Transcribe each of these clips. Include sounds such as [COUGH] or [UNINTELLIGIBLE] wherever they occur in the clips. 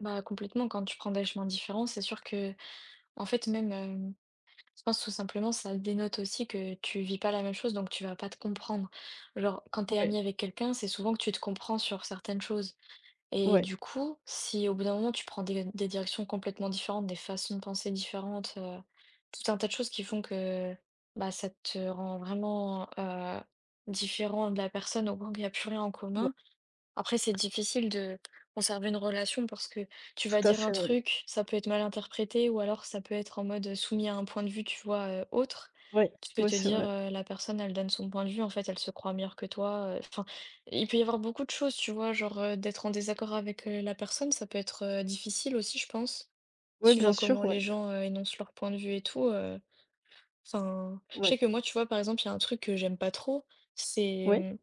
Bah, complètement. Quand tu prends des chemins différents, c'est sûr qu'en fait, même, hem, je pense tout simplement, ça dénote aussi que tu vis pas la même chose donc tu vas pas te comprendre. Genre quand tu es Ouais. amie avec quelqu'un, c'est souvent que tu te comprends sur certaines choses et Ouais. du coup, si au bout d'un moment, tu prends des d des directions complètement différentes, des façons de penser différentes, heu, tout un tas de choses qui font que, bah, ça te rend vraiment, heu, différent de la personne, au point qu'il y a plus rien en Ouais. commun. Après, c'est difficile de conserver une relation parce que tu vas Tout à dire un fait. Ouais. truc, ça peut être mal interprété ou alors ça peut être en mode, heu, soumis à un point de vue, tu vois, heu, autre. Ouais, Tu peux ouais, te c'est dire: vrai. «Heu, la personne, elle donne son point de vue, en fait, elle se croit meilleure que toi.» Enfin, il peut il y avoir beaucoup de choses, tu vois, genre, heu, d'être en désaccord avec, heu, la personne, ça peut être, heu, difficile aussi, je pense. Ouais, bien Suivant sûr, comment ouais. les gens, heu, énoncent leur point de vue et tout, heu, enfin, je Oui. sais que moi, tu vois, par exemple, il y a un truc que j'aime pas trop, c'est, Oui. hem,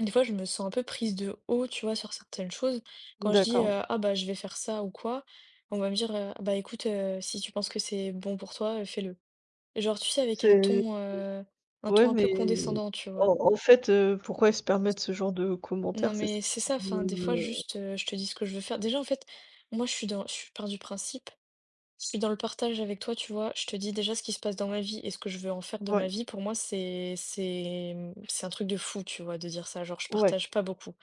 des fois je me sens un peu prise de haut, tu vois, sur certaines choses. Quand je dis, D'accord. Oui. heu: «Ah bah, je vais faire ça ou quoi», on va me dire, heu: «Bah, écoute, heu, si tu penses que c'est bon pour toi, heu, fais-le». Genre, tu sais, avec un C'est ton, heu, [UNINTELLIGIBLE] un oui ton un peu mais condescendant, tu vois? en en fait, heu, pourquoi ils se permettent ce genre de Non commentaires? C'est ç mais c'est ça, qui enfin des fois me juste, heu, je te dis ce que je veux faire. Déjà en fait moi je suis dans je pars du principe, je suis dans le partage avec toi, tu vois, je te dis déjà ce qui se passe dans ma vie et ce que je veux en faire de ma Ouais. vie pour moi c'est c'est, mmh, c'est un truc de fou, tu vois, de dire ça, genre je Ouais. partage pas beaucoup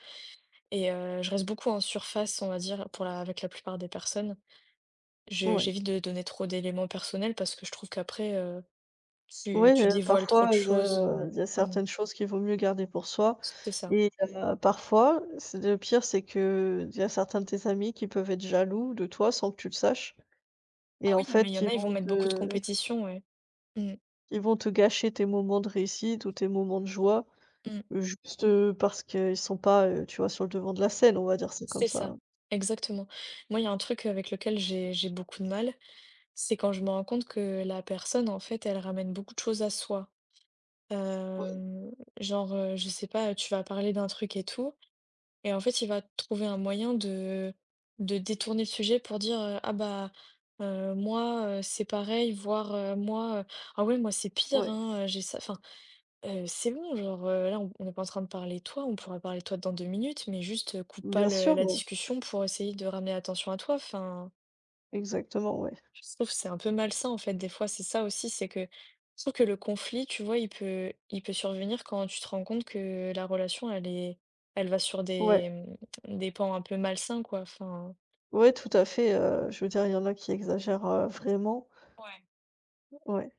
et heu, je reste beaucoup en surface, on va dire, pour la avec la plupart des personnes. Je Ouais. j'évite de donner trop d'éléments personnels parce que je trouve qu'après, heu, tu Ouais, tu heu, dévoiles trop parfois de il y choses, a il y a heu, mmh. certaines choses qu'il vaut mieux garder pour soi C'est ça. et heu, parfois, c le pire c'est qu'il y a certains de tes amis qui peuvent être jaloux de toi sans que tu le saches Ah et en oui, ah mais il y fait a en ils ils vont vont mettre beaucoup de te compétition, ouais. Mmh. ils vont te gâcher tes moments de réussite ou tes moments de joie. Mmh. Juste, heu, parce qu'ils sont pas, heu, tu vois, sur le devant de la scène, on va dire ça comme C'est ça, ça. exactement. Moi, il y a un truc avec lequel j'ai j'ai beaucoup de mal, c'est quand je me rends compte que la personne, en fait, elle ramène beaucoup de choses à soi. Oui. Heu, genre, heu, je sais pas, tu vas parler d'un truc et tout et en fait, il va trouver un moyen de de détourner le sujet pour dire: «Ah, bah heu, moi, heu, c'est pareil, voire moi, ah oui, moi, c'est pire, Ouais. hein, j'ai ça» enfin, heu, c'est bon, genre, heu, là, on n'est pas en train de parler toi, on pourra parler de toi dans 2 minutes, mais juste coupe pas Bien le sûr, la ouais. discussion pour essayer de ramener l'attention à toi, enfin Exactement, ouais. je trouve c'est un peu malsain en fait des fois. C'est ça aussi, c'est que je trouve que le conflit, tu vois, il peut il peut survenir quand tu te rends compte que la relation elle est elle va sur Ouais. des des pans un peu malsains, quoi, enfin Ouais, tout à fait, heu, je veux dire il y en a qui exagèrent, heu, vraiment. Ouais. O ouais.